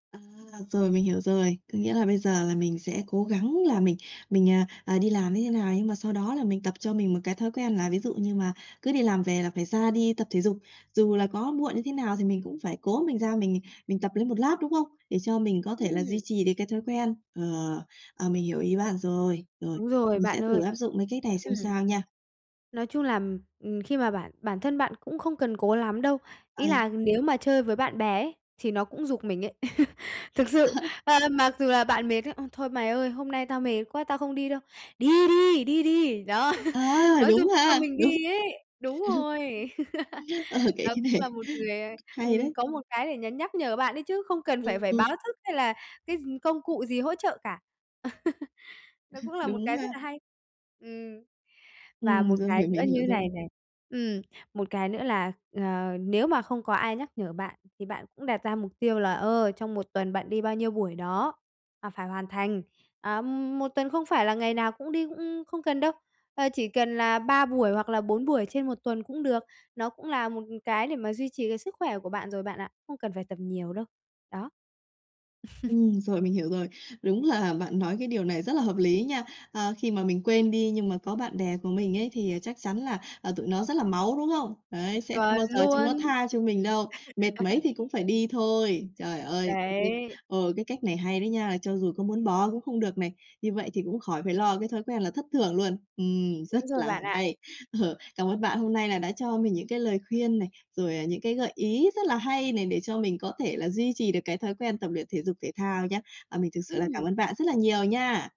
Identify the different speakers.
Speaker 1: À, rồi mình hiểu rồi. Có nghĩa là bây giờ là mình sẽ cố gắng là mình mình, à, à, đi làm như thế nào, nhưng mà sau đó là mình tập cho mình một cái thói quen là ví dụ như mà cứ đi làm về là phải ra đi tập thể dục, dù là có muộn như thế nào thì mình cũng phải cố mình ra mình, à, mình tập lấy một lát, đúng không? Để cho mình có thể là duy
Speaker 2: Ừm.
Speaker 1: trì được cái thói quen. Ờ, ờ, mình hiểu ý bạn rồi. Rồi,
Speaker 2: Đúng rồi,
Speaker 1: mình sẽ
Speaker 2: bạn
Speaker 1: thử
Speaker 2: ơi.
Speaker 1: áp dụng cái cách này xem
Speaker 2: Ừm.
Speaker 1: sao nha.
Speaker 2: Nói chung là, ừm, ừm, khi mà bản bản thân bạn cũng không cần cố lắm đâu. Ý
Speaker 1: À.
Speaker 2: là nếu mà chơi với bạn bè ấy thì nó cũng giục mình ấy. Thực
Speaker 1: À
Speaker 2: sự,
Speaker 1: hả?
Speaker 2: ờ, là mặc dù là bạn mệt ấy: "Ôi, thôi mày ơi, hôm nay tao mệt quá, tao không đi đâu", "Đi đi, đi đi!", đó,
Speaker 1: À,
Speaker 2: nó
Speaker 1: đúng
Speaker 2: giục cho
Speaker 1: ha,
Speaker 2: mình
Speaker 1: đúng.
Speaker 2: đi ấy. Đúng rồi.
Speaker 1: Ờ ha. Ờ, cái
Speaker 2: Đó
Speaker 1: cái này
Speaker 2: cũng là một người, ờ,
Speaker 1: hay
Speaker 2: ừm,
Speaker 1: đấy.
Speaker 2: có một cái để nhắn nhắc nhờ bạn ấy chứ, không cần phải
Speaker 1: Ừm,
Speaker 2: phải
Speaker 1: ừm.
Speaker 2: báo thức, hay là cái gi công cụ gì hỗ trợ cả. Nó cũng là một
Speaker 1: Đúng
Speaker 2: cái rất
Speaker 1: ha.
Speaker 2: là hay. Ừm. Và
Speaker 1: Ừm,
Speaker 2: một
Speaker 1: rồi,
Speaker 2: cái
Speaker 1: hiểu,
Speaker 2: nữa
Speaker 1: mình
Speaker 2: như
Speaker 1: hiểu rồi.
Speaker 2: này này, ừm, một cái nữa là, ờ, nếu mà không có ai nhắc nhở bạn thì bạn cũng đặt ra mục tiêu là, ờ, trong một tuần bạn đi bao nhiêu buổi đó và phải hoàn thành. À, một tuần không phải là ngày nào cũng đi, cũng không cần đâu, ờ, chỉ cần là 3 buổi hoặc là 4 buổi trên một tuần cũng được. Nó cũng là một cái để mà duy trì cái sức khỏe của bạn rồi bạn ạ, không cần phải tập nhiều đâu. Đó.
Speaker 1: Ừm, rồi mình hiểu rồi. Đúng là bạn nói cái điều này rất là hợp lý nha. À, khi mà mình quên đi, nhưng mà có bạn bè của mình ấy thì chắc chắn là, à, tụi nó rất là máu, đúng không? Đấy, sẽ không
Speaker 2: Chuẩn
Speaker 1: bao giờ chúng nó
Speaker 2: luôn!
Speaker 1: tha cho mình đâu, mệt mấy thì cũng phải đi thôi. Trời ơi, [unintelligible]
Speaker 2: Đấy.
Speaker 1: ờ, cái cách này hay đấy nha, cho dù có muốn bỏ cũng không được này, như vậy thì cũng khỏi phải lo cái thói quen là thất thưởng luôn. Ừm, rất
Speaker 2: Đúng rồi
Speaker 1: là
Speaker 2: bạn ạ.
Speaker 1: hay! Ờ, Cảm ơn bạn hôm nay là đã cho mình những cái lời khuyên này, rồi, à, những cái gợi ý rất là hay này để cho mình có thể là duy trì được cái thói quen tập luyện thể dục thể thao nhé. À, mình thực sự là cảm
Speaker 2: Ừm.
Speaker 1: ơn bạn rất là nhiều nha!